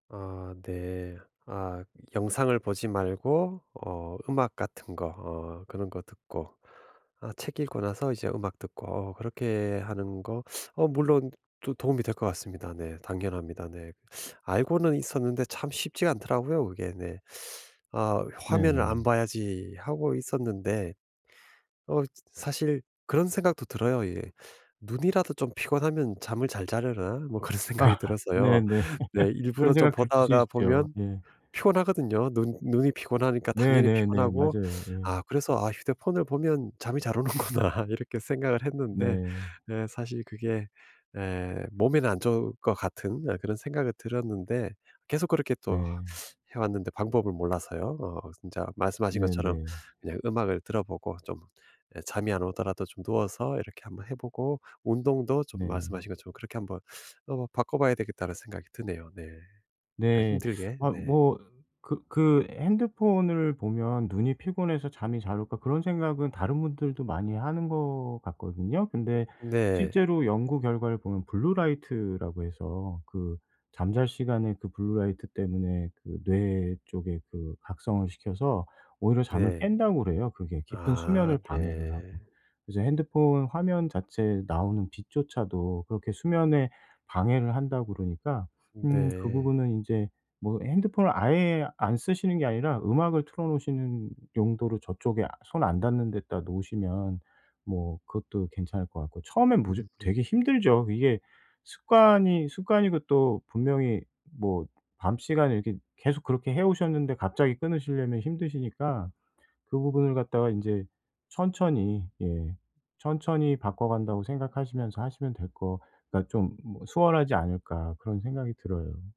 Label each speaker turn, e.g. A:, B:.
A: 아 네. 아 영상을 보지 말고 어 음악 같은 거 어 그런 거 듣고, 아 책 읽고 나서 이제 음악 듣고 어 그렇게 하는 거. 어 물론 도 도움이 될 것 같습니다. 네. 당연합니다. 네 알고는 있었는데 참 쉽지가 않더라고요 그게 네. 아 '화면을 안
B: 네네.
A: 봐야지.' 하고 있었는데 어 저 사실 그런 생각도 들어요 예. '눈이라도 좀 피곤하면 잠을 잘 자려나.' 뭐 그런 생각이
B: 아
A: 들어서요.
B: 네네.
A: 네
B: 그런
A: 일부러 좀
B: 생각들 들 수
A: 보다가
B: 있죠.
A: 보면
B: 예.
A: 피곤하거든요. 눈 눈이 피곤하니까 당연히
B: 네네네
A: 피곤하고
B: 맞아요. 예.
A: 아 그래서 '아 휴대폰을 보면 잠이 잘 오는구나.' 이렇게 생각을 했는데
B: 네.
A: 네 사실 그게 예 몸에는 안 좋을 것 같은 어 그런 생각은 들었는데 계속 그렇게 또 아
B: 네.
A: 해 왔는데 방법을 몰라서요. 어 진짜 말씀하신 것처럼
B: 네네.
A: 그냥 음악을 들어보고 좀 예 잠이 안 오더라도 좀 누워서 이렇게 한번 해 보고 운동도 좀
B: 네.
A: 말씀하신 것처럼 그렇게 한번 어 바꿔봐야 되겠다는 생각이 드네요 네. 약간
B: 네.
A: 힘들게.
B: 아
A: 네.
B: 뭐 그 그 '핸드폰을 보면 눈이 피곤해서 잠이 잘 올까.' 그런 생각은 다른 분들도 많이 하는 것 같거든요. 근데
A: 네.
B: 실제로 연구 결과를 보면 블루 라이트라고 해서 그 잠잘 시간에 그 블루 라이트 때문에 그 뇌 쪽에 그 각성을 시켜서 오히려 잠을
A: 네.
B: 깬다 그래요 그게 깊은
A: 아
B: 수면을 방해를 하고.
A: 네.
B: 이제 핸드폰 화면 자체에 나오는 빛조차도 그렇게 수면에 방해를 한다 그러니까 음 그
A: 네.
B: 부분은 인제 뭐 핸드폰을 아예 안 쓰시는 게 아니라 음악을 틀어 놓으시는 용도로 저쪽에 아 손 안 닿는 데다 놓으시면 뭐 그것도 괜찮을 것 같고. 처음엔 무조
A: 음.
B: 되게 힘들죠. 이게 습관이 습관이고 또 분명히 뭐 밤 시간에 이렇게 계속 그렇게 해오셨는데 갑자기 끊으시려면 힘드시니까 그 부분을 갖다가 인제 천천히 예 천천히 바꿔간다고 생각하시면서 하시면 될 거 그러니까 좀 뭐 수월하지 않을까 그런 생각이 들어요.